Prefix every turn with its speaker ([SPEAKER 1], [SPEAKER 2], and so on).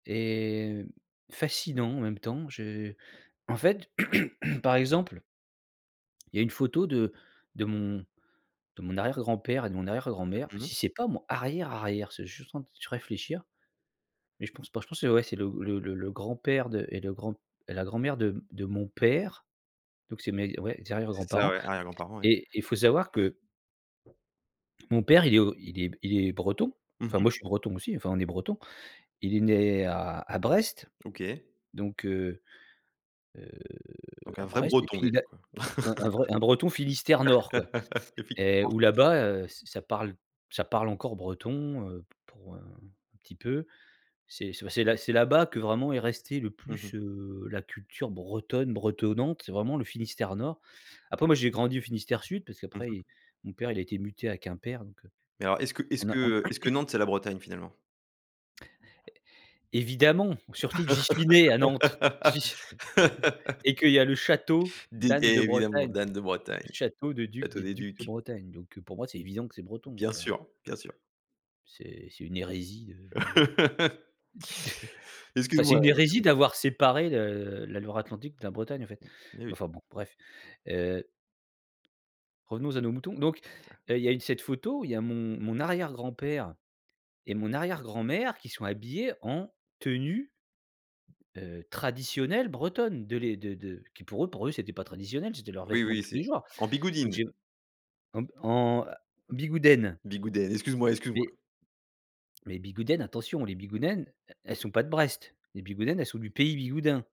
[SPEAKER 1] Et fascinant en même temps. Je en fait par exemple il y a une photo de de mon de mon arrière-grand-père, et de mon arrière-grand-mère.
[SPEAKER 2] Mmh mh.
[SPEAKER 1] Si c'est pas mon arrière arrière, je suis juste en train de réfléchir, mais je pense pas. Je pense c'est ouais, c'est le le le grand-père de et de grand et la grand-mère de m de mon père, donc c'est mes ouais, arrières
[SPEAKER 2] C'est ça
[SPEAKER 1] grands-parents,
[SPEAKER 2] ouais, arrière grand-parent, ouais.
[SPEAKER 1] et il faut savoir que mon père il est o il est b il est breton.
[SPEAKER 2] Mmh
[SPEAKER 1] Enfin
[SPEAKER 2] mh.
[SPEAKER 1] moi je suis breton aussi, enfin on est bretons. Il est né à à Brest,
[SPEAKER 2] OK.
[SPEAKER 1] donc heu heu,
[SPEAKER 2] Donc un
[SPEAKER 1] à
[SPEAKER 2] vrai
[SPEAKER 1] Brest et
[SPEAKER 2] breton,
[SPEAKER 1] puis il
[SPEAKER 2] déjà,
[SPEAKER 1] a
[SPEAKER 2] quoi.
[SPEAKER 1] un un vrai un breton Finistère nord quoi
[SPEAKER 2] Évidemment.
[SPEAKER 1] et où là bas, heu, ça ça parle ça parle encore breton, heu, pour, heu, un petit peu. C'est c'est bah, c'est là-bas que vraiment est restée le
[SPEAKER 2] Mmh mh.
[SPEAKER 1] plus, heu, la culture bretonne bretonnante. C'est vraiment le Finistère nord. Après moi j'ai grandi au Finistère sud parce
[SPEAKER 2] Mmh
[SPEAKER 1] qu'après
[SPEAKER 2] mh.
[SPEAKER 1] i mon père il a été muté à Quimper donc heu,
[SPEAKER 2] Mais alors, est-ce que est-ce
[SPEAKER 1] on a on
[SPEAKER 2] que est-ce que Nantes, c'est la Bretagne, finalement?
[SPEAKER 1] É évidemment! Surtout que j'y suis né à Nantes! J'y s et qu'il y a le château
[SPEAKER 2] Dé évidemment,
[SPEAKER 1] d'Anne-de-Bretagne,
[SPEAKER 2] d'Anne de Bretagne,
[SPEAKER 1] le château de duc
[SPEAKER 2] château
[SPEAKER 1] des
[SPEAKER 2] des
[SPEAKER 1] ducs de
[SPEAKER 2] ducs.
[SPEAKER 1] Bretagne donc heu, pour moi, c'est évident que c'est breton,
[SPEAKER 2] Bien
[SPEAKER 1] enfin.
[SPEAKER 2] sûr, bien sûr.
[SPEAKER 1] C'est c'est une hérésie, heu, de d' enfin c'est
[SPEAKER 2] Excuse-moi,
[SPEAKER 1] une
[SPEAKER 2] heu,
[SPEAKER 1] hérésie
[SPEAKER 2] terrible.
[SPEAKER 1] d'avoir séparé le la Loire-Atlantique de la Bretagne en fait,
[SPEAKER 2] Mais
[SPEAKER 1] mais
[SPEAKER 2] oui.
[SPEAKER 1] enfin bon bref, heu revenons à nos moutons, donc heu, il y a eu cette photo, il y a mon mon arrière grand père et mon arrière grand mère qui sont habillés en tenue heu, traditionnelle bretonne, de les de de qui pour eux pour eux, c'était pas traditionnel, c'était leurs
[SPEAKER 2] Oui,
[SPEAKER 1] vêtements de
[SPEAKER 2] oui,
[SPEAKER 1] tous
[SPEAKER 2] c'est,
[SPEAKER 1] les jours,
[SPEAKER 2] en
[SPEAKER 1] donc
[SPEAKER 2] Bigoudine.
[SPEAKER 1] j'ai en en bigoudène
[SPEAKER 2] Bigoudène, excuse-moi excuse-moi.
[SPEAKER 1] et Les bigoudènes, attention, les bigoudènes, elles sont pas de Brest. Les bigoudènes, elles sont du pays Bigoudin.